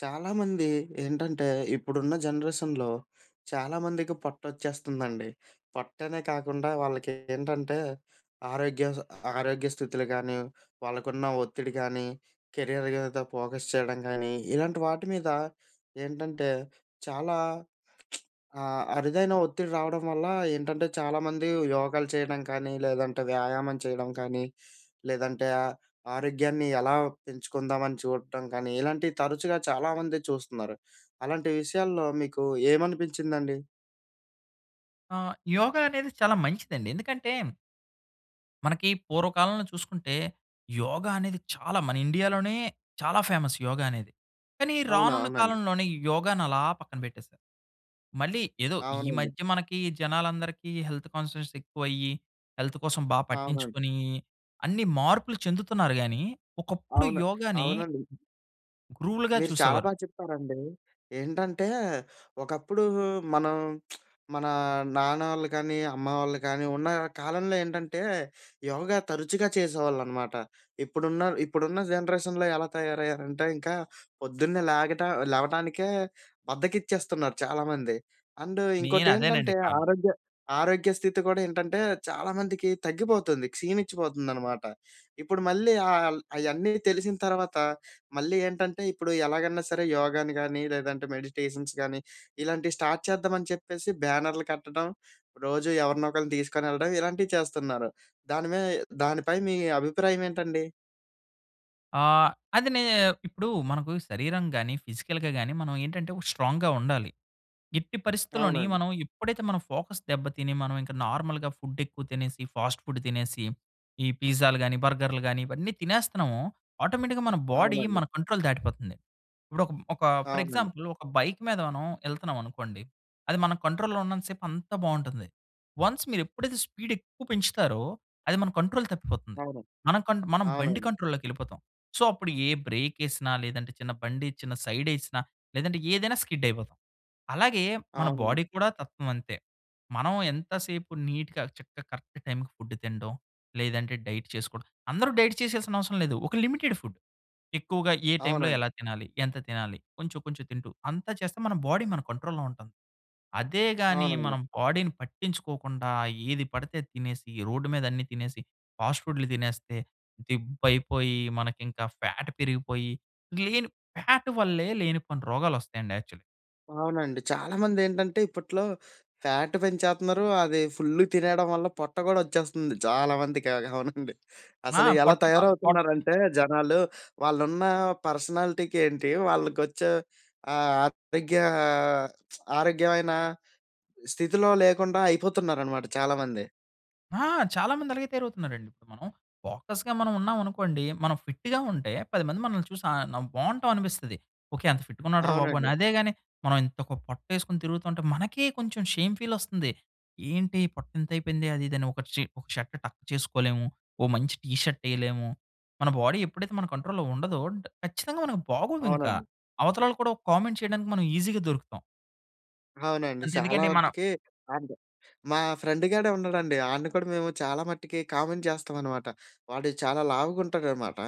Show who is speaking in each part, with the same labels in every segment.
Speaker 1: చాలామంది ఏంటంటే ఇప్పుడున్న జనరేషన్‌లో చాలామందికి పొట్టొచ్చేస్తుందండి. పొట్టనే కాకుండా వాళ్ళకి ఏంటంటే ఆరోగ్య స ఆరోగ్య స్థితులు గానీ వాళ్ళకున్న ఒత్తిడి గానీ కెరియర్ మీద ఫోకస్ చేయడం గానీ ఇలాంటి వాటి మీద ఏంటంటే చాలా ఆహ్, అరుదైన ఒత్తిడి రావడం వల్ల ఏంటంటే చాలామంది యోగాలు చేయడం కానీ లేదంటే వ్యాయామం చేయడం కానీ లేదంటే ఆ! ఆరోగ్యాన్ని ఎలా పెంచుకుందాం అని చూడడం గానీ ఇలాంటివి తరచుగా చాలామంది చూస్తున్నారు. అలాంటి విషయాల్లో మీకు ఏమనిపించిందండి?
Speaker 2: ఆహ్, యోగ అనేది చాలా మంచిదండి. ఎందుకంటే... మనకి పూర్వకాలంలో చూసుకుంటే యోగ అనేది చాలా మన ఇండియాలోనే చాలా ఫేమస్ యోగ అనేది. కానీ
Speaker 1: అవునా!
Speaker 2: రానున్న
Speaker 1: అవునండి.
Speaker 2: కాలంలోనీ ఈ యోగాను అలా పక్కన పెట్టేసారు. మళ్ళీ ఏదో ఈ
Speaker 1: అవునండి.
Speaker 2: మధ్య మనకి జనాలందరికి హెల్త్ కాన్షియస్ ఎక్కువయ్యి హెల్త్ కోసం బా
Speaker 1: అవునండి.
Speaker 2: పట్టించుకుని అన్ని మార్పులు చెందుతున్నారు గాని ఒకప్పుడు
Speaker 1: అవును.
Speaker 2: యోగాని
Speaker 1: అవునండి.
Speaker 2: రూల్‌గా
Speaker 1: మీరు చాలా
Speaker 2: చూసేవారు.
Speaker 1: బా చెప్పారండి. ఏంటంటే ఒకప్పుడు మనం మన నాన్న ఆళ్ళు గానీ అమ్మ వాళ్ళు గానీ ఉన్న కాలంలో ఏంటంటే యోగా తరచుగా చేసేవాళ్ళన్నమాట. ఇప్పుడున్న, ఇప్పుడున్న జనరేషన్‌లో ఎలా తయారయ్యారంటే ఇంకా. పొద్దున్నే లేగట లేవటానికే బద్ధకిచ్చేస్తున్నారు చాలామంది. అండ్
Speaker 2: మెయిన్ అదేనండి
Speaker 1: ఇంకోటేంటంటే
Speaker 2: కారణం.
Speaker 1: ఆరోగ్య ఆరోగ్య స్థితి గూడా ఏంటంటే చాలామందికి తగ్గిపోతుంది. క్షీణించిపోతుందన్నమాట. ఇప్పుడు మళ్ళీ ఆల్ అయన్నీ తెలిసిన తర్వాత మళ్ళీ ఏంటంటే ఇప్పుడు ఎలాగన్నా సరే యోగాని గానీ లేదంటే మెడిటేషన్స్ గానీ ఇలాంటివి స్టార్ట్ చేద్దాం అని చెప్పేసి బ్యానర్లు కట్టడం. రోజు ఎవరినోకళ్ళని తీసుకొని వెళ్ళడం. ఇలాంటివి చేస్తున్నారు. దాని మీ దానిపై మీ అభిప్రాయం ఏంటండి?
Speaker 2: ఆహ్, అదినేనే ఇప్పుడు మనకు శరీరం గాని, ఫిజికల్‌గా గాని మనం ఏంటంటే స్ట్రాంగ్‌గా ఉండాలి. ఎట్టి పరిస్థితుల్లోని
Speaker 1: అవునండి.
Speaker 2: మనం ఎప్పుడైతే మనం ఫోకస్ దెబ్బ తిని మనమీంకా నార్మల్‌గా ఫుడేక్కువ తినేసి, ఫాస్ట్ ఫుడ్ తినేసి, ఈ పిజ్జాలు గాని, బర్గర్‌‌లు గాని ఇవన్నీ తినేస్తున్నామో ఆటోమేటిక్‌గా మన బాడీ
Speaker 1: అవునండి.
Speaker 2: మన కంట్రోల్ దాటిపోతుంది. ఇప్పుడు ఒక ఒక ఫర్
Speaker 1: అవునండి.
Speaker 2: ఎగ్జాంపుల్ ఒక బైక్ మీద మనం ఎళ్తున్నామనుకోండి, అది మనం కంట్రోల్‌లో ఉన్నంత సేపు అంతా బావుంటుంది. వన్స్ మీరు ఎప్పుడైతే స్పీడేక్కువ పెంచుతారో అది మన కంట్రోల్ తప్పిపోతుంది.
Speaker 1: అవును.
Speaker 2: మనం కన్ మనం బండి
Speaker 1: అవునండి.
Speaker 2: కంట్రోల్‌లోకెళ్ళిపోతాం. సో, అప్పుడు ఏ బ్రేకెసినా లేదంటే చిన్న బండిచ్చిన, సైడేసినా లేదంటే ఏదైనా స్కిడైపోతాం. అలాగే మన
Speaker 1: అవునండి.
Speaker 2: బాడీ కూడా తత్వం అంతే. మనం ఎంత సేపు నీట్‌గా, చక్కగా, కరెక్ట్ టైంకి ఫుడ్ తినడం లేదంటే డైట్ చేసుకోవడం అందరూ డైట్ చేసేయాల్సిన అవసరం లేదు. ఒక లిమిటెడ్ ఫుడ్ ఎక్కువగా ఏ టైమ్‌లో
Speaker 1: అవునండి.
Speaker 2: ఎలా తినాలి? ఎంత తినాలి? కొంచెం, కొంచెం తింటూ అంత చేస్తే మన బాడీ మన కంట్రోల్‌లోంటుంది. అదే గాని
Speaker 1: అవునండి.
Speaker 2: మనం బాడీని పట్టించుకోకుండా ఏది పడితే అది తినేసి, రోడ్డు మీద అన్ని తినేసి, ఫాస్ట్ ఫుడ్‌లు తినేస్తే దిబ్బైపోయి, మనకింకా ఫ్యాట్ పెరిగిపోయి, గ్లెను ఫ్యాట్ వల్లే లేనిపోనీ రోగాలోస్తాయండి యాక్చలి.
Speaker 1: అవునండి. చాలామందేంటంటే, ఇప్పట్లో ఫ్యాట్ పెంచేతన్నారూ, అదీ ఫుల్లుగ తినేయడం వల్ల పొట్ట గూడొచ్చేస్తంది చాలామందికలగ. అవునండి.
Speaker 2: ఆ!
Speaker 1: అసలు ఎలా
Speaker 2: పొట్ట ప పొట్ట పె
Speaker 1: తయారవుతున్నారంటే జనాలు, వాళ్ళున్నా పర్సనాలిటీకేంటీ, వాళ్ళకొచ్చే, ఆహ్, ఆరోగ్యా ఆరోగ్యమైనా స్థితిలో లేకుండా అయిపోతున్నారనమాట చాలామంది.
Speaker 2: ఆ! చాలా మంది అలాగే తయారవుతున్నారండిప్పుడు మనం. ఫోకస్‌గా మనవున్నావనుకోండి, మనం ఫిట్టుగా ఉంటే, 10 మంది మనల్ని చూసి ఆహ్, నం బావుంటావనిపిస్తది. ఓకే. ఎంత ఫిట్టుగున్నాడు రా బాబు అని.
Speaker 1: అవునండి.
Speaker 2: అదే గానీ, మనవింతొక పొట్టేసుకొని తిరుగుతా ఉంటే మనకే కొంచుం షేమ్ ఫీలొస్తంది. ఏంటీ పొట్టింతయిపోయిందే అది ఇదని. ఒకట్‌షీ ఒక షర్ట్ టక్ చేసుకోలేము. ఓ మంచి టీ షర్టెయలేము. మన బాడీ ఎప్పుడైతే మన కంట్రోల్‌లో ఉండదో డ్ ఖచ్చితంగా మనకు బాగోదింక.
Speaker 1: అవునండి.
Speaker 2: అవతలోళ్ళు కూడా ఒక కామెంట్ చెయడానికి మనం ఈజీగా దొరుకుతాం.
Speaker 1: అవునండి. చాలా
Speaker 2: అంతెందుకండి మనం
Speaker 1: మటికి అంతే. మా ఫ్రెండుగాడే ఉన్నాడండి. అడిని కూడా మేము చాలా మటికి కామెంట్ చేస్తామనమాట. వాడు చాలా లావుగుంటాడనమాటా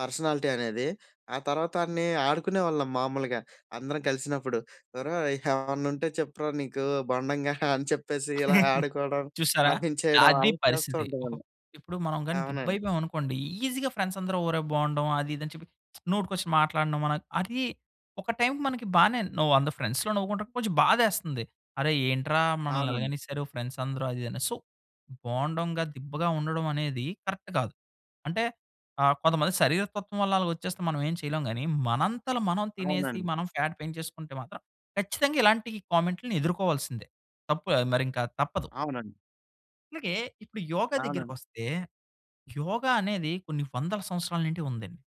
Speaker 1: పర్సనాలిటీ అనేది. ఆ తర్వాత ఆడినీ ఆడుకునేవాళ్ళం మామూలుగా, అందరం కలిసినప్పుడు. ఒరే! ఏవన్నుంటే చెప్పురా నీకూ బోండంగా అని చెప్పేసి, ఇలా ఆడుకోడం,
Speaker 2: చూశారా,
Speaker 1: నవ్వించేయడం,
Speaker 2: అది
Speaker 1: అలా చేస్తూ
Speaker 2: పరిస్థితి.
Speaker 1: ఉంటాం
Speaker 2: ఒక
Speaker 1: ఆడిని.
Speaker 2: ఇప్పుడు మనం గానీ
Speaker 1: అవునండి.
Speaker 2: దిబ్బయిపోయామనుకోండీ, ఈజీగా ఫ్రెండ్సందరూ ఒరే బోండం అది ఇది అని చెప్పి నోటికొచ్చిన మాటలనడం మన అదీ ఒక టైమ్‌కి మనకి బానేన్ ను 100 ఫ్రెండ్స్‌లో నవ్వుకుంటే, కొంచెం బాధేస్తంది. అరె ఏంట్రా!
Speaker 1: అవునండి.
Speaker 2: మనల్నిలగనేశారు ఫ్రెండ్సందరూ అది ఇదని. సో, బోండాంగా, దిబ్బగా ఉండడవనేదీ కరక్ట్ గాదు. అంటే, ఆహ్, కొంతమంది శరీర తత్వం వల్ల అలగొచ్చేస్తే మనవేం చెయలేం గానీ, మనంత‌ల మనం తినేసి,
Speaker 1: అవునండి.
Speaker 2: మనం ఫ్యాట్ పేంచేసుకుంటే మాత్రం ఖచ్చితంగా ఇలాంటీ కామెంట్‌లుని ఎదురుకోవాల్సిందే. తప్పే, మరింకా తప్పదు.
Speaker 1: అవునండి.
Speaker 2: అలాగే ఇప్పుడు యోగ దగ్గరికి
Speaker 1: అవునండి.
Speaker 2: వస్తే, యోగ అనేది కొన్ని వందల సంవత్సరాల నుండి ఉందండి.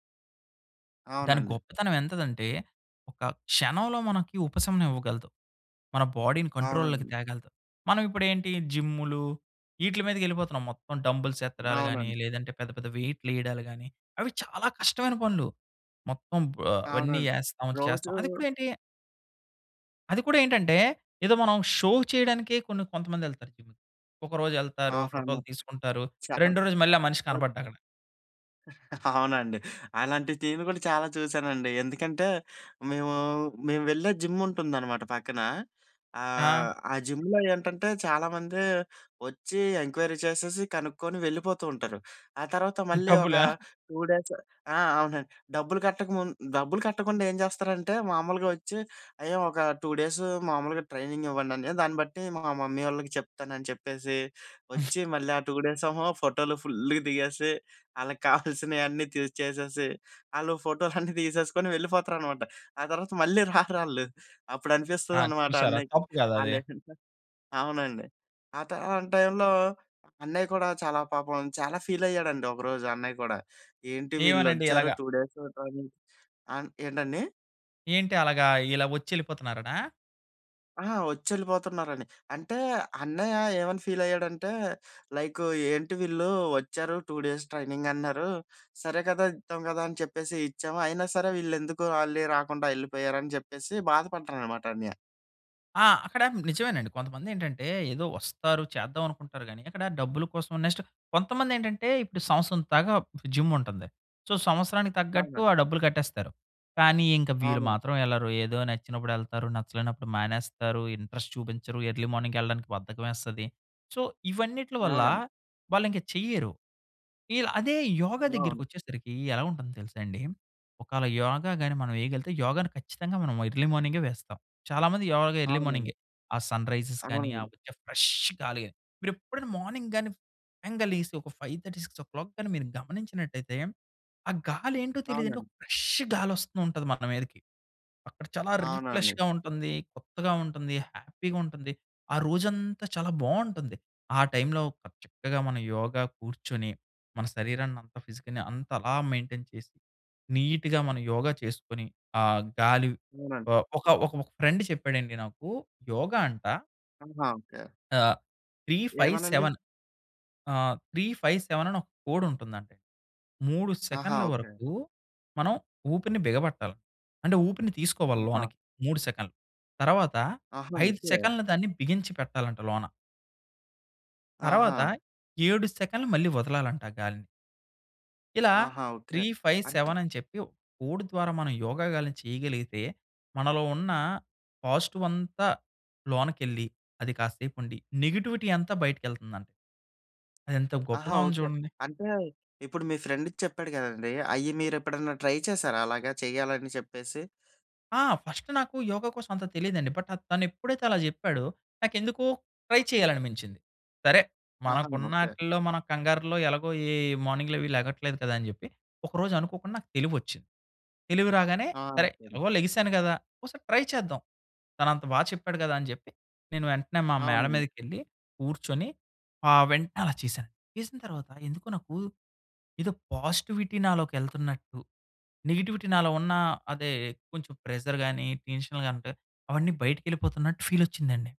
Speaker 2: దాని
Speaker 1: అవునండి.
Speaker 2: గొప్పతనం ఎంతదంటే, ఒక క్షణంలో మనకి ఉపశమనం ఇవ్వగలదు. మన బాడీ‌ని కంట్రోల్‌లోకి
Speaker 1: అవునండి.
Speaker 2: తేగలదు. మనం ఇప్పుడు ఏంటి జిమ్ములు, ఇ‌ట్లీ మీదకి ఎళ్ళిపోతున్నాం మొత్తం డంబుల్స్ ఎత్తడాలు గాని
Speaker 1: అవునండి.
Speaker 2: లేదంటే పెద్ద పెద్ద వెయిట్లు వేయడాలు గాని. అవి చాలా కష్టమైన పనులు. మొత్తం బో అవన్నీ
Speaker 1: అవునండి
Speaker 2: ఏస్తాం
Speaker 1: రోజు
Speaker 2: చేస్తాం అది కూడా ఏంటి. అది కూడా ఏంటంటే ఏదో మనం షో చేయడానికే కొన్ని కొంతమంది వెళ్తారు జిమ్‌కి. ఒక రోజు వెళ్తారు
Speaker 1: ఆహా! న
Speaker 2: ఫోటో‌లు తీసుకుంటారు
Speaker 1: చా
Speaker 2: రెండో రోజు మళ్ళీ ఆ మనిషి
Speaker 1: ఓకె.
Speaker 2: కనపడడు అక్కడ.
Speaker 1: అవునండి. అలాంటి టీన్‌లు కూడా చాలా చూశానండి ఎందుకంటే, మేము మేము వెళ్ళే జిమ్ ఉంటుందనమాట పక్కన
Speaker 2: ఆ!
Speaker 1: ఆహ్, ఆ జిమ్‌లో ఏంటంటే చాలామంది వచ్చి, ఎంక్వైరీ చేసేసి, కనుక్కొని వెళ్ళిపోతూ ఉంటారు. ఆ తర్వాత మళ్ళీ ఒక
Speaker 2: డబ్బుల?
Speaker 1: 2 డేస్ ఆ! అవునండి డబ్బులు కట్టక ముందు డబ్బులు కట్టకుండా ఏం చేస్తారంటే మామూలుగా వచ్చి, "అయ్య ఒక 2 డేస్ మామూలుగా ట్రైనింగ్ ఇవ్వండి అన్నయ్య దాన్ని బట్టి మా మమ్మీ వాళ్ళకి చెప్తాను" అని చెప్పేసి. వచ్చి మళ్ళీ ఆ 2 డేస్ ఏమో ఫోటోలు ఫుల్‌గా దిగేసి వాళ్ళకి కావాల్సినవి అన్నీ చేసేసి వాళ్ళు ఫోటోలన్నీ తీసేసుకొని వెళ్ళిపోతారనమాట, ఆ తర్వాత మళ్ళీ రారు ఆల్లు. అప్పుడు
Speaker 2: ఆ!
Speaker 1: అనిపిస్తుందనమాట
Speaker 2: చూసారా
Speaker 1: అన్నయ్యకి
Speaker 2: తప్పు కదా అది!
Speaker 1: ఆ‌లేంటో, అవునండి. ఆత ఆ టైంలో అన్నయ్య కూడా చాలా పాపం చాలా ఫీల్ అయ్యాడండి ఒకరోజు అన్నయ్య కూడా ఏంటి వీళ్ళు
Speaker 2: ఏమనండి
Speaker 1: వచ్చారు
Speaker 2: ఎలాగా?
Speaker 1: 2 డేస్ ఫోటో తీసి ఆహ్, ఏంటండి?
Speaker 2: ఏంటి అలాగా ఇలా వచ్చేళ్ళిపోతున్నారనా?
Speaker 1: ఆహా! వచ్చి వెళ్ళిపోతున్నారని. అంటే, అన్నయ్య ఏమని ఫీలైయ్యాడంటే లైకు "ఏంటి వీళ్ళు వచ్చారు 2 డేస్ ట్రైనింగ్ అన్నారు. సరే కదా! ఇద్దాం కదా! అని చెప్పేసి ఇచ్చాము. అయినా సరే, వీళ్ళు ఎందుకు వాళ్ళే రాకుండా వెళ్ళిపోయారు?" అని చెప్పేసి బాధపడ్డారు అన్నమాట అన్నయ్య.
Speaker 2: ఆ! అక్కడ నిజమేనండి. కొంతమంది ఏంటంటే ఏదో వస్తారు, చేద్దాం అనుకుంటారు గాని, అక్కడ డబ్బుల కోసం నెక్స్టు కొంతమందెంటంటే ఇప్పుడు సంవత్సరం దాకా పు జిమ్ముంటుంది. సో సంవత్సరానికి తగ్గట్టు
Speaker 1: అవునండి.
Speaker 2: ఆ డబ్బులు కట్టేస్తారు. కానీ, ఇంక వీరు
Speaker 1: అవును.
Speaker 2: మాత్రం వెళ్లరు. ఏదో నచ్చినప్పుడు ఎళ్తారు, నచ్చలేనప్పుడు మానేస్తారు, ఇంట్రెస్ట్ చూపించరు, ఎర్లీ మార్నింగేళ్ళడానికి బద్ధకమేస్తది. సో ఇవన్నిట్ల వల్ల
Speaker 1: అవునండి.
Speaker 2: వాళ్ళు ఇంక చెయ్యరు. వీళ్ళు అదే యోగా
Speaker 1: అవును.
Speaker 2: దగ్గరికొచ్చేసరికి ఎలా ఉంటుందో తెలుసా అండి? ఒకాళ యోగా గాని మనమేయగలిగితే యోగాని ఖచ్చితంగా మనం ఎర్లీ మార్నింగే వేస్తాం. చాలా మంది యోగా ఎర్లీ
Speaker 1: అవునండి.
Speaker 2: మార్నింగే. ఆ సన్‌రైజెస్ గాని, ఆ
Speaker 1: అవునండి.
Speaker 2: వచ్చే ఫ్రెష్ గాలి మీరెప్పుడైనా మార్నింగ్ గాని సడన్‌గా లేసి ఒక 5:30, 6:00 గాని మీరు గమనించినట్టైతే ఆ గాలి ఏంటో తెలియదంటే
Speaker 1: అవునండి.
Speaker 2: ఒక ఫ్రెష్ గాలోస్తుంటది మన మీదకి. అక్కడ చాలా
Speaker 1: అవునండి.
Speaker 2: రిప్లే‌ష్‌గా ఉంటుంది, కొత్తగా ఉంటుంది, హ్యాపీగా ఉంటుంది. ఆ రోజంతా చాలా బావుంటుంది. ఆ టైమ్‌లో ప చక్కగా మనం యోగా కూర్చొని మన శరీరాన్ని అంత, ఫిజిక్‌ని అంత అలా మెయింటైన్ చేసి నీట్‌గా మనం యోగా చేసుకొని ఆ గాలి
Speaker 1: అవునండి.
Speaker 2: ఆహ్ ఒక ఒక ఒక ఫ్రెండ్ చెప్పాడండి నాకు యోగా అంటా
Speaker 1: ఆహా! ఓకే.
Speaker 2: ఆహ్, త్రీ ఫైవ్
Speaker 1: ఏమనండి?
Speaker 2: సెవెన్. ఆహ్, 3, 5, 7 అని ఒక కోడ్ ఉంటుందండి. 3
Speaker 1: ఆహా!
Speaker 2: సెకన్ల
Speaker 1: ఓకే.
Speaker 2: వరకు మనం ఊపిరిని బిగబెట్టాల. అంటే ఊపిరిని తీసుకోవాలి
Speaker 1: ఆహా!
Speaker 2: లోనకి 3 సెకన్లు. తర్వాత
Speaker 1: ఆహా!
Speaker 2: 5
Speaker 1: ఓకే.
Speaker 2: సెకన్లు దాన్ని బిగించి పెట్టాలంట లోన.
Speaker 1: ఆహా!
Speaker 2: తర్వాత 7 సెకన్లు మళ్ళీ వదలాలంట ఆ గాలిని. ఇలా
Speaker 1: ఆహా! ఓకే.
Speaker 2: త్రీ ఫైవ్
Speaker 1: అంటే
Speaker 2: సెవెన్ అని చెప్పి, కోడ్ ద్వారా మనం యోగా గాలిని చేయగలిగితే మనలో ఉన్న పాజిటివ్ అంతా లోనకెళ్ళి అది కాసేపు ఉండి నెగెటివిటీ అంతా బయటికెళ్తుందంట. అది ఎంత
Speaker 1: ఆహా!
Speaker 2: గొప్పగా ఉంది
Speaker 1: ఓకే.
Speaker 2: చూడండి.
Speaker 1: అంటే ఇప్పుడు మీ ఫ్రెండ్‌ ఇది చెప్పాడు కదండీ! అయి మీరెప్పుడైనా ట్రై చేసారా అలాగా చెయ్యాలని చెప్పేసి?
Speaker 2: ఆ! ఫస్ట్ నాకు యోగ కోసం అంత తెలీదండి. బట్ తను ఎప్పుడైతే అలా జెప్పాడో నాకెందుకో ట్రై చేయాలి అనిపించింది. సరే
Speaker 1: ఆహా!
Speaker 2: మనకు
Speaker 1: ఓకే.
Speaker 2: ఉన్నాటిలో, మన కంగారులో ఎలాగో ఈ మార్నింగ్‌లవి లెగట్లేదు కదా అని జెప్పి, ఒకరోజు అనుకోకుండా నాకు తెలివొచ్చింది. తెలివి రాగానే,
Speaker 1: ఆ!
Speaker 2: సరే
Speaker 1: సరే.
Speaker 2: ఎలాగో లెగిసాను గదా! ఒసారి ట్రై చేద్దాం. తనంత బా చెప్పాడు గదా! అని జెప్పి. నేను వెంటనే మా మేడ
Speaker 1: అవునండి.
Speaker 2: మీదకి ఎళ్లి కూర్చొని ఆహ్, వెంటనే అలా చేశాను. చేసిన తరువాత ఎందుకో నాకు ఏదో పాజిటివిటీ నాలోకెళ్తున్నట్టు, నెగెటివిటీ నాలో ఉన్న అదే కొంచెం ప్రెజర్ గాని, టెన్షన్ అలగంతా అవన్నీ బయటికి వెళ్ళిపోతున్నట్టు ఫీల్ వచ్చిందండి.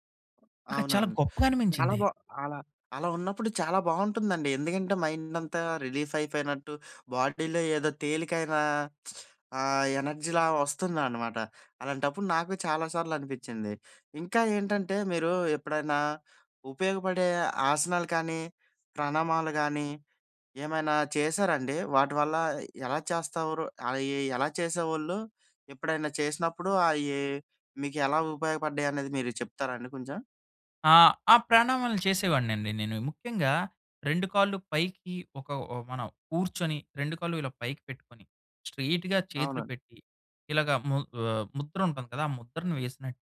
Speaker 2: నాకది చాలా
Speaker 1: అవునండి.
Speaker 2: గొప్పగా
Speaker 1: చాలా
Speaker 2: అనిపించింది.
Speaker 1: బా అలా, అలా ఉన్నప్పుడు చాలా బావుంటుందండి. ఎందుకంటే మైండ్ అంతా రిలీఫ్ అయిపోయినట్టు, బాడీలో ఏదో తేలికైన ఆహ్, ఎనర్జీ‌లా వస్తుందనమాట. అలాంటప్పుడు నాకు చాలా సార్లు అనిపించింది. ఇంకా ఏంటంటే మీరు ఎప్పుడైనా, ఉపయోగపడే ఆసనాలు కానీ ప్రణామాలు గానీ ఏమైనా చేశారా అండి? వాటివల్ల ఎలా చేసేవారు? అయి ఎలా చేసేవాళ్ళు? ఎప్పుడైనా చేసినప్పుడు అయి మీకెలా ఉపయోగపడ్డాయి అనేది మీరు చెప్తారా అండి కొంచెం?
Speaker 2: ఆ! ఆ ప్రాణామాలు చేసేవాడినండి నేను. ముఖ్యంగా రెండు కాళ్ళు పైకి ఒక ఒ మన కూర్చొని రెండు కాళ్ళు ఇలా పైకి పెట్టుకొని, స్ట్రెయిట్‌గా చేతులు
Speaker 1: అవునండి.
Speaker 2: పెట్టి ఇలాగా ము ఆహ్, ముద్ర ఉంటుంది కదా! ఆ ముద్రను వేసినట్టు,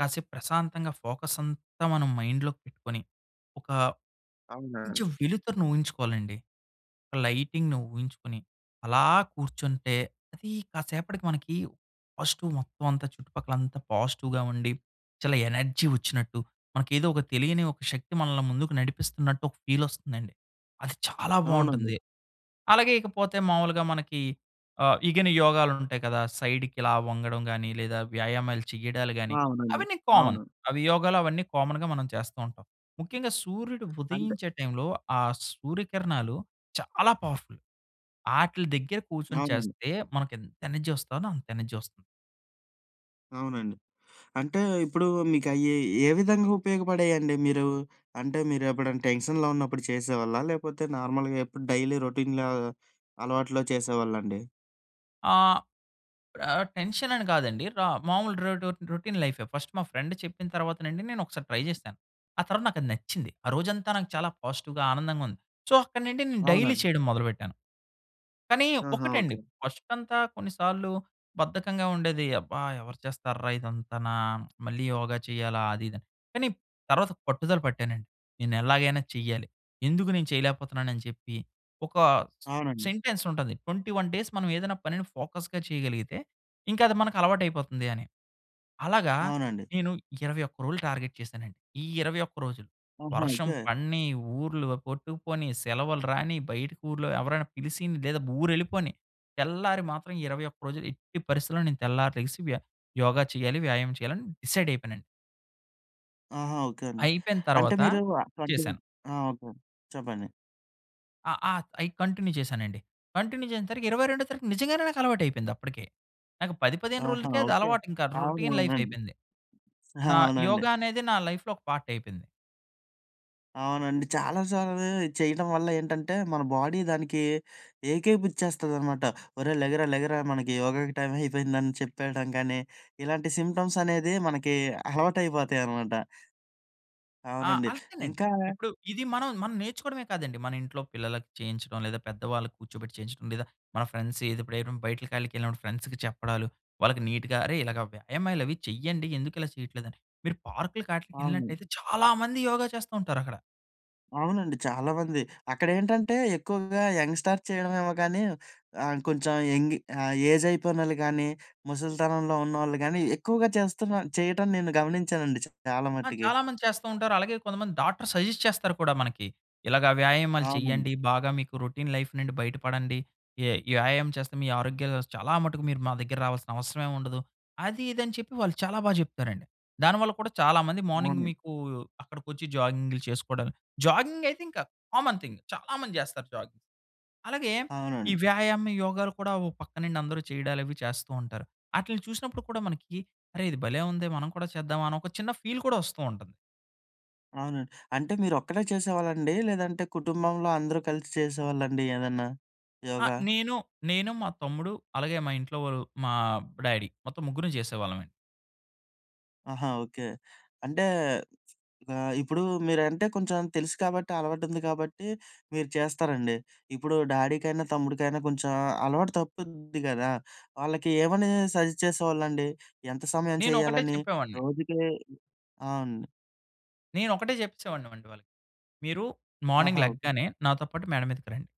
Speaker 2: కాసేపు ప్రశాంతంగా ఫోకస్ అంతా మనం మైండ్‌లో పెట్టుకొని, ఒక
Speaker 1: అవునా!
Speaker 2: కొంచెం వెలుతురని ఊహించుకోవాలండి. లైటింగ్‌ను ఊహించుకొని, అలా కూర్చుంటే. అది కాసేపటికి మనకి పాజిటివ్ మొత్తం అంతా, చుట్టుపక్కల అంతా పాజిటివ్‌గా ఉండి చాలా ఎనర్జీ వచ్చినట్టు, మనకి ఏదో ఒక తెలియని ఒక శక్తి మనల్ని ముందుకు నడిపిస్తున్నట్టు ఒక ఫీల్ వస్తుందండి. అది చాలా
Speaker 1: అవునండి.
Speaker 2: బాగుంటుంది. అలాగే ఇకపోతే మాములుగా మనకి ఆహ్, ఇగని యోగాలు ఉంటాయి కదా. సైడ్‌కి ఇలా వంగడం గాని లేదా వ్యాయామాలు చెయ్యడాలు
Speaker 1: ఆ!
Speaker 2: గాని
Speaker 1: అవునండి.
Speaker 2: అవన్నీ కామన్
Speaker 1: అవును.
Speaker 2: అవి యోగాలు అవన్నీ కామన్‌గా మనం చేస్తూ ఉంటాం. ముఖ్యంగా సూర్యుడు
Speaker 1: అంటే
Speaker 2: ఉదయించే టైంలో ఆ సూర్యకిరణాలు చాలా పవర్‌ఫుల్. ఆటిలి దగ్గర కూర్చొని
Speaker 1: అవునండి.
Speaker 2: చేస్తే మనకు ఎంత ఎనర్జీ వస్తదో అంత ఎనర్జీ వస్తుంది.
Speaker 1: అవునండి. అంటే ఇప్పుడు మీకు అయ్యి ఏ విధంగా ఉపయోగపడాయండి? మీరు, అంటే మీరు ఎప్పుడైనా టెన్షన్‌లో ఉన్నప్పుడు చేసేవాళ్ళా? లేకపోతే నార్మల్‌గా ఎప్పుడు డైలీ రొటీన్‌లా అలవాట్లో చేసేవాళ్ళండి?
Speaker 2: ఆ! ఇప్పుడు ఆహ్, టెన్షన్ అని కాదండి. ర మామూలు ర రొటీన్ లైఫే. ఫస్ట్ మా ఫ్రెండ్ చెప్పిన తర్వాత నుండి నేను ఒకసారి ట్రై చేశాను. ఆ తర్వాత నాకు అది నచ్చింది. ఆ రోజంతా నాకు చాలా పాజిటివ్‌గా ఆనందంగా ఉంది. సో, అక్కడినుండి నేను డైలీ
Speaker 1: అవునండి.
Speaker 2: చేయడం మొదలుపెట్టాను. కానీ
Speaker 1: ఆహా!
Speaker 2: ఒకటండి
Speaker 1: ఓకె.
Speaker 2: ఫస్టుకంతా కొన్నిసార్లు బద్ధకంగా ఉండేది. అబ్బా! ఎవరు చేస్తార్రా ఇదంతనా, మళ్ళీ యోగ చెయ్యాలా అది ఇది అని. కానీ తరువాత పట్టుదల పట్టానండి. నేను ఎలాగైనా చెయ్యాలి. ఎందుకు నేను చేయలేకపోతున్నాను అని చెప్పి, ఒక
Speaker 1: అవునండి.
Speaker 2: సెంటెన్స్ ఉంటది. 21 డేస్ మనం ఏదైనా పనిని ఫోకస్‌గా చేయగలిగితే, ఇంక అది మనకు అలవాటు అయిపోతుంది అని. అలాగా
Speaker 1: అవునండి.
Speaker 2: నేను 21 రోజులు టార్గెట్ చేశానండి. ఈ 21 రోజులు
Speaker 1: ఆహా!
Speaker 2: వర్షం
Speaker 1: ఓకె.
Speaker 2: పడిని, ఊర్లు కొట్టుకుపోని, సెలవులు రాని, బయట ఊర్లో ఎవరైనా పిలిసి లేదా ఊరెళ్ళిపోని తెల్లారి మాత్రం ఈ 21 రోజులు ఎట్టి పరిస్థితిలో నేను తెల్లారి లెగిసి వ్య యోగ చేయాలి. వ్యాయామం చేయాలి. అని డిసైడ్ అయిపోయానండి.
Speaker 1: ఆహా! ఓకె అండి.
Speaker 2: అయిపోయిన
Speaker 1: అంటే
Speaker 2: తరువాత
Speaker 1: మీరు ఆ 20
Speaker 2: చేశాను.
Speaker 1: ఆ! ఓకె. చెప్పండి.
Speaker 2: అ అ అయ్ కంటిన్యూ చేసానండి. కంటిన్యూ చేసేసరికి 22 తారీఖ నిజంగానే నాకు అలవాటు అయిపోయింది. అప్పటికే నాకు 10, 15
Speaker 1: ఆహా!
Speaker 2: రోజులకే అది
Speaker 1: ఓకె.
Speaker 2: అలవాటు ఇంకా రొ రొటీన్ లైఫ్
Speaker 1: అవునవునండి.
Speaker 2: అయిపోయింది.
Speaker 1: ఆ!
Speaker 2: నా యోగ
Speaker 1: అవునండి.
Speaker 2: అనేది, నా లైఫ్‌లో ఒక పార్ట్ అయిపోయింది.
Speaker 1: అవునండి. చాలా సార్లు చేయడం వల్ల ఏంటంటే మన బాడీ దానికి ఏకేపుచ్చేస్తదనమాట. "ఒరేయ్ లెగరా లెగరా మనకి యోగాకి టైమ్ అయిపోయిందని" చెప్పేయడం కానీ ఇలాంటి సింప్టమ్స్ అనేది మనకి అలవాటైపోతాయనమాట.
Speaker 2: ఆ!
Speaker 1: అవునండి.
Speaker 2: అంతేనండి.
Speaker 1: ఇంకా
Speaker 2: ఇప్పుడు ఇది మనం, మనం నేర్చుకోవడమే కాదండి. మన ఇంట్లో పిల్లలకి చేయించడం లేదా పెద్దవాళ్ళకి కూర్చోబెట్టి చేయించడం లేదా మన ఫ్రెండ్స్ ఎది ఎప్పుడైన బయటకాళికెళ్ళినప్పుడు ఫ్రెండ్స్‌కి చెప్పడాలు. వాళ్ళకి నీట్‌గా అరేయ్! ఇలాగా వ్యాయామాలు అవి చెయ్యండి. ఎందుకు ఇలా చేయట్లేదు అని. మీరు పార్క్‌లకి ఆట్లీకి
Speaker 1: అవును.
Speaker 2: యెళ్ళినట్లయితే చాలామంది యోగ చేస్తూంటారక్కడ.
Speaker 1: అవునండి. చాలామంది. అక్కడేంటంటే ఎక్కువగా యంగ్‌స్టార్ చేయడమేమో గానీ ఆహ్, కొంచెం యంగి ఆహ్, ఏజ్ అయిపోయినోళ్ళు గానీ, ముసలితనంలో ఉన్నవోళ్ళు గానీ, ఎక్కువగా చేస్తున్నా చేయటం నేను గమనించానండి చాలా
Speaker 2: ఆ!
Speaker 1: మట్టికి.
Speaker 2: చాలామంది చేస్తూ ఉంటారు. అలాగే కొంతమంది డాక్టర్స్ సజెస్ట్ చేస్తారు కూడా మనకి. "ఇలాగా వ్యాయామాలు
Speaker 1: అవునండి.
Speaker 2: చేయ్యండి బాగా మీకు రొటీన్ లైఫ్ నుండి బయట పడండి. య వ్యాయామం చేస్తే మీ ఆరోగ్యాలు [unintelligible] చాలా మటుకు మీరు మా దగ్గరకి రావాల్సిన అవసరమే ఉండదు." అది, ఇది అని చెప్పి వాళ్ళు చాలా బాగా చెప్తారండి. దానివల్ల కూడా చాలా మంది మార్నింగ్
Speaker 1: మార్నింగ్
Speaker 2: మీకూ అక్కడికొచ్చి జాగింగ్‌లు చేసుకోడాళ్ళు, జాగింగ్ అయితే ఇంకా కామన్ థింగ్. చాలా మంది చేస్తారు జాగింగ్. అలాగే ఈ
Speaker 1: అవునండి.
Speaker 2: వ్యాయామం, యోగాలు కూడా ఓ పక్కనుండి అందరూ చేయడాలవి చేస్తూ ఉంటారు. ఆటిల్ని చూసినప్పుడు కూడా మనకి అరే ఇది భలే! ఉందే మనం కూడా చేద్దామా? అని ఒక చిన్న ఫీల్ కూడా వస్తూ ఉంటది.
Speaker 1: అవునండి. అంటే, మీరొఒక్కడే చేసేవాళ్ళండి? లేదంటే, కుటుంబంలో అందరూ కలిసి చేసేవాళ్ళండి ఏదన్నా,
Speaker 2: ఆ!
Speaker 1: యోగా?
Speaker 2: నేను నేను, మా తమ్ముడు అలాగే, మా ఇంట్లో ఓళ్ళు మా డాడీ. మొత్తం ముగ్గురం చేసేవాళ్ళమే.
Speaker 1: ఆహా! ఓకే. అంటే, ఆహ్, ఇప్పుడూ మీరంటే కొంచం తెలుసు కాబట్టి, అలవాటుంది కాబట్టి మీరు చేస్తారండి. ఇప్పుడు డాడీకైనా, తమ్ముడికైనా కొంచెం అలవాటు తప్పుద్ది గదా! వాళ్ళకి ఏమనీ సజెస్ట్ చేసేవాళ్ళండి? ఎంత సమయం
Speaker 2: నేనొకటే
Speaker 1: చెయ్యాలని
Speaker 2: చెప్పేవాడిని
Speaker 1: రోజుకీ అవునండి.
Speaker 2: నేనొకటే చెప్పేసేవాడిని వండి వాళ్ళకి. మీరు మార్నింగ్
Speaker 1: ఆహా!
Speaker 2: లెగ్గానే, నాతో పాటు మేడ మీదకి రండి.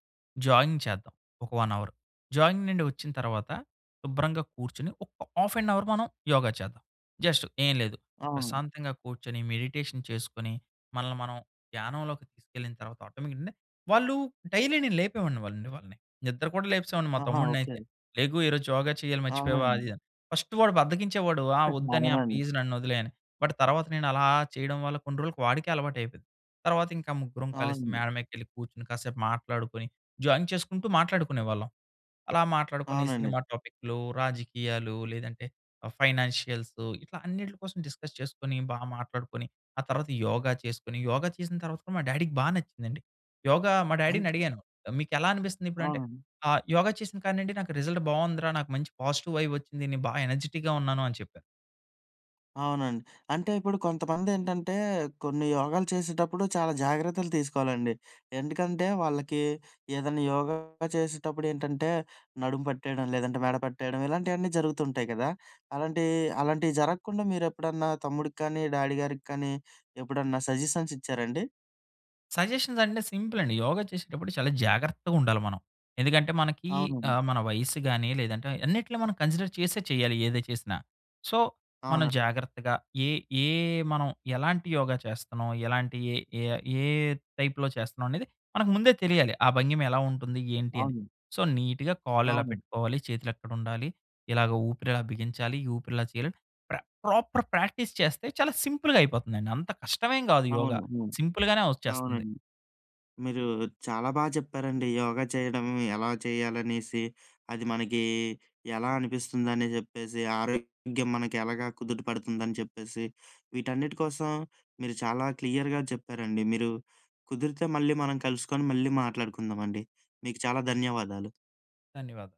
Speaker 2: జాగింగ్ చేద్దాం, ఒక 1 అవర్. జాగింగ్ నుండి ఒచ్చిన తర్వాత, శుభ్రంగా కూర్చొని ఒక్క హాఫ్ ఎన్ అవర్ మనం యోగా చేద్దాం. జస్ట్ ఏం లేదు.
Speaker 1: అవును.
Speaker 2: ప్రశాంతంగా కూర్చొని, మెడిటేషన్ చేసుకొని, మనల్ని మనం ధ్యానంలోకి తీసుకెళ్ళిన తర్వాత ఆటోమేటిక్‌గా వాళ్ళు డైలీ నేను లేపేవాడిని వాళ్ళండి వాళ్ళని. నిద్ర కూడా లేపేసేవాడిని మా
Speaker 1: ఆహా!
Speaker 2: తమ్ముడినయితే.
Speaker 1: ఓకే.
Speaker 2: లెగు, ఈరోజు యోగా చెయ్యాలి మర్చిపోయావా అది
Speaker 1: అవునండి.
Speaker 2: ఇది అని. ఫస్ట్ వాడు బద్ధకించేవాడు. ఆ! ఒద్దన్నయ్య
Speaker 1: మనమండి.
Speaker 2: ప్లీజ్ నన్నొదిలెయ్ అని, బట్ తర్వాత నేనలా చెయడం వల్ల కొన్ని రోలుకు వాడికే అలవాటయిపోయింది. తర్వాతింక ముగ్గురం కలిసి
Speaker 1: అవునండి.
Speaker 2: మేడ మీకెళ్లి కూచ్చుని, కాసేపు మాట్లాడుకొని, జాగింగ్ చేసుకుంటూ మాట్లాడుకునేవాళ్ళం. అలా మాట్లాడుకొని
Speaker 1: అవునండి.
Speaker 2: సినిమా టాపిక్లు, రాజకీయాలు, లేదంటే ఆహ్, ఫైనాన్షియల్సు, ఇట్లా అన్నిట్లి కోసం డిస్కస్ చేసుకొని, బా మాట్లాడుకొని, ఆ తర్వాత యోగా చేసుకొని, యోగ చేసిన తర్వాత కూడా మా డాడీకి బా నచ్చిందండి. యోగా మా
Speaker 1: అంట్
Speaker 2: డాడీనడిగాను, మీకెలా అనిపిస్తందిప్పుడంటే,
Speaker 1: ఆ!
Speaker 2: ఆహ్, యోగా చేసిన కాడ నిండి నాకు రిజల్ట్ బావుందిరా, నాకు మంచి పాజిటివైబొచ్చింది. నే బాగా ఎనర్జిటిక్‌గా ఉన్నాను అని చెప్పారు.
Speaker 1: అవునండి. అంటే ఇప్పుడు కొంతమంది ఏంటంటే, కొన్ని యోగాలు చేసేటప్పుడు చాలా జాగ్రత్తలు తీసుకోవాలండి. ఎందుకంటే, వాళ్ళకి ఏదన్నా యోగ చేసేటప్పుడు ఏంటంటే, నడుము పట్టేయడం లేదంటే, మెడ పట్టేయడం, ఇలాంటియన్నీ జరుగుతుంటాయి కదా! అలాంటియి, అలాంటియి జరగకుండా మీరు ఎప్పుడన్నా తమ్ముడికి కానీ, డ్యాడీ గారికి కానీ ఎప్పుడన్నా సజెషన్స్ ఇచ్చారండి?
Speaker 2: సజెషన్స్ అంటే, సింపుల్ అండి. యోగ చేసేటప్పుడు చాలా జాగ్రత్తగుండాలి మనం. ఎందుకంటే, మనకి
Speaker 1: అవునండి.
Speaker 2: ఆహ్, మన వయస్సు గాని, లేదంటే అన్నిట్లో మనం కన్సిడర్ చేసే చేయాలి. ఏది చేసినా. సో, మనం
Speaker 1: అవును.
Speaker 2: జాగ్రత్తగా ఏ ఏ మనం ఎలాంటి యోగ చేస్తున్నాం, ఎలాంటి ఏ ఏ ఏ టైప్‌లో చేస్తున్నామనేది మనకు ముందే తెలియాలి. ఆ భంగిమ ఎలా ఉంటుంది ఏంటి అని.
Speaker 1: అవును.
Speaker 2: సో, నీట్‌గా కాలెలా
Speaker 1: అవును.
Speaker 2: పెట్టుకోవాలి, చేతులెక్కడ ఉండాలి, ఇలాగ ఊపిరి ఎలా బిగించాలి. ఈ ఊపిరి ఇలా చేయాలని, ప్ర ప్రాపర్ ప్రాక్టీస్ చేస్తే చాలా సింపుల్‌గా అయిపోతుందండి. అంత కష్టమేమి గాదు యోగ.
Speaker 1: అవును. హ్మ్.
Speaker 2: సింపుల్‌గానే వచ్చేస్తుంది.
Speaker 1: అవునండి. మీరూ చాలా బాగా చెప్పారండి. యోగా చేయడం ఎలా చేయాలనేసి, అది మనకీ ఎలా అనిపిస్తుందని చెప్పేసి, ఆరోగ్యం మనకి ఎలాగా కుదుటపడుతుందని చెప్పేసి, వీటన్నిటి కోసం మీరు చాలా క్లియర్‌గా చెప్పారండి మీరు. కుదిరితే మళ్ళీ మనం కలుసుకొని, మళ్ళీ మాట్లాడుకుందామండి. మీకు చాలా ధన్యవాదాలు.
Speaker 2: ధన్యవాదాలు.